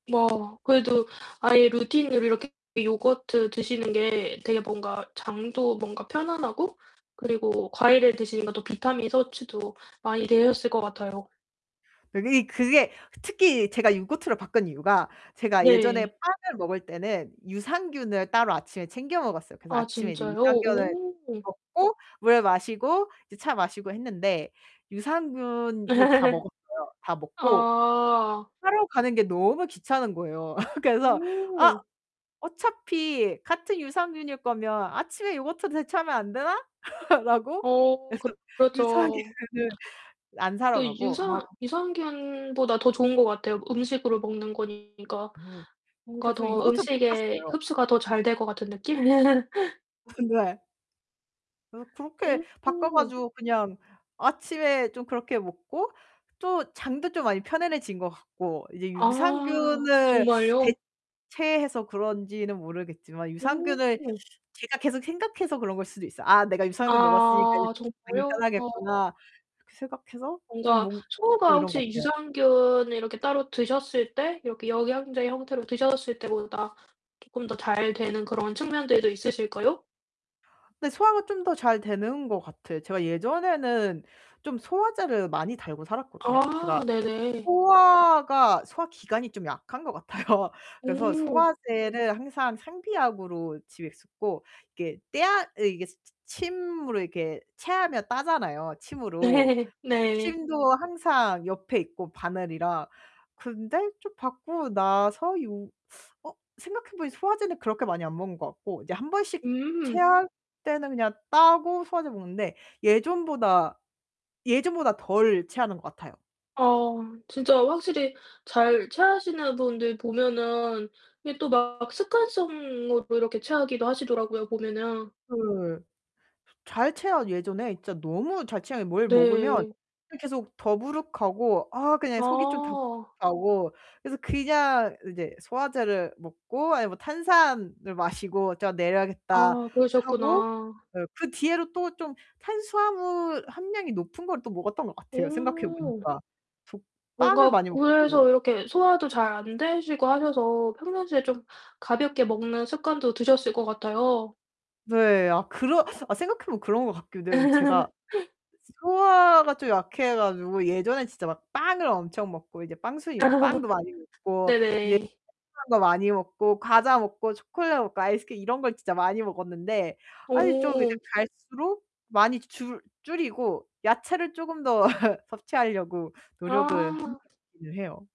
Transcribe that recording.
뭐, 그래도 아예 루틴으로 이렇게 요거트 드시는 게 되게 뭔가 장도 뭔가 편안하고 그리고 과일을 드시는 것도 비타민 섭취도 많이 되셨을 것 같아요. 그게 그게 특히 제가 요거트를 바꾼 이유가 제가 예전에 네. 빵을 먹을 때는 유산균을 따로 아침에 챙겨 먹었어요. 그래서 아 아침에 이제 진짜요? 유산균을 오. 먹고 물을 마시고 이제 차 마시고 했는데 유산균을 다 먹었어요. 다 먹고 어. 사러 가는 게 너무 귀찮은 거예요. 그래서 '아 오. 어차피 같은 유산균일 거면 아침에 요거트로 대체하면 안 되나?' 라고 어 그래서 그렇 그렇죠. 유산균을 안 사러 또 가고 유산 아 유산균보다 더 좋은 것 같아요. 음식으로 먹는 거니까 어 뭔가 그래서 더 요거트로 음식에 바꿨어요. 흡수가 더 잘 될 것 같은 느낌? 근데 그래서 그렇게 바꿔 오. 가지고 그냥 아침에 좀 그렇게 먹고 또 장도 좀 많이 편안해진 것 같고 이제 아, 유산균을 정말요? 대체해서 그런지는 모르겠지만 유산균을 오. 제가 계속 생각해서 그런 걸 수도 있어요. '아 내가 유산균 먹었으니까 이제 아 많이 정말요? 편하겠구나.' 그렇게 생각해서 좀 뭔가 뭔 소화가 [unintelligible] 이런 것 혹시 같아요. 유산균을 이렇게 따로 드셨을 때 이렇게 영양제 형태로 드셨을 때보다 쪼끔 더 잘 되는 그런 측면들도 있으실까요? 근데 소화가 좀 더 잘 되는 것 같아. 제가 예전에는 좀 소화제를 많이 달고 살았거든요. 제가 아 네네. 소화가 소화기관이 좀 약한 것 같아요. 그래서 오. 소화제를 항상 상비약으로 집에 쓰고 이게 떼아 이게 치 침으로 이렇게 체하면 따잖아요 침으로. 네 네. 침도 항상 옆에 있고 바늘이랑 근데 좀 바꾸고 나서 요 어 생각해보니 소화제는 그렇게 많이 안 먹는 것 같고 이제 1 번씩 음. 체할 때는 그냥 따고 소화제 먹는데 예전보다 예전보다 덜 체하는 것 같아요. 아 진짜 확실히 잘 체하시는 분들 보면은 이게 또 막 습관성으로 이렇게 체하기도 하시더라고요 보면은. 그 잘 체하 예전에 진짜 너무 잘 체하 뭘 먹으면 네. 계속 더부룩하고 아 그냥 속이 좀 아. 답답하고 그래서 그냥 이제 소화제를 먹고 아니면 뭐 탄산을 마시고 '자 내려야겠다.' 아 하고 그러셨구나. 그 뒤로 또 좀 탄수화물 함량이 높은 걸 또 먹었던 것 같아요 오. 생각해보니까. 저 빵을 뭔가 많이 그래서 먹고 이렇게 소화도 잘 안 되시고 하셔서 평상시에 좀 가볍게 먹는 습관도 드셨을 것 같아요. 네, 아 그런 아 생각해보면 그런 것 같기도 해요. 제가 소화가 좀 약해 가지고 예전에 진짜 막 빵을 엄청 먹고 이제 빵순이야. 아. 빵도 많이 먹고 이제 네네. [unintelligible] 거 많이 먹고 과자 먹고 초콜릿 먹고 아이스크림 이런 걸 진짜 많이 먹었는데 아니 좀 이제 오. 갈수록 많이 줄 줄이고 야채를 쪼금 더 섭취하려고 노력을 하는 아. 것 같기는 해요.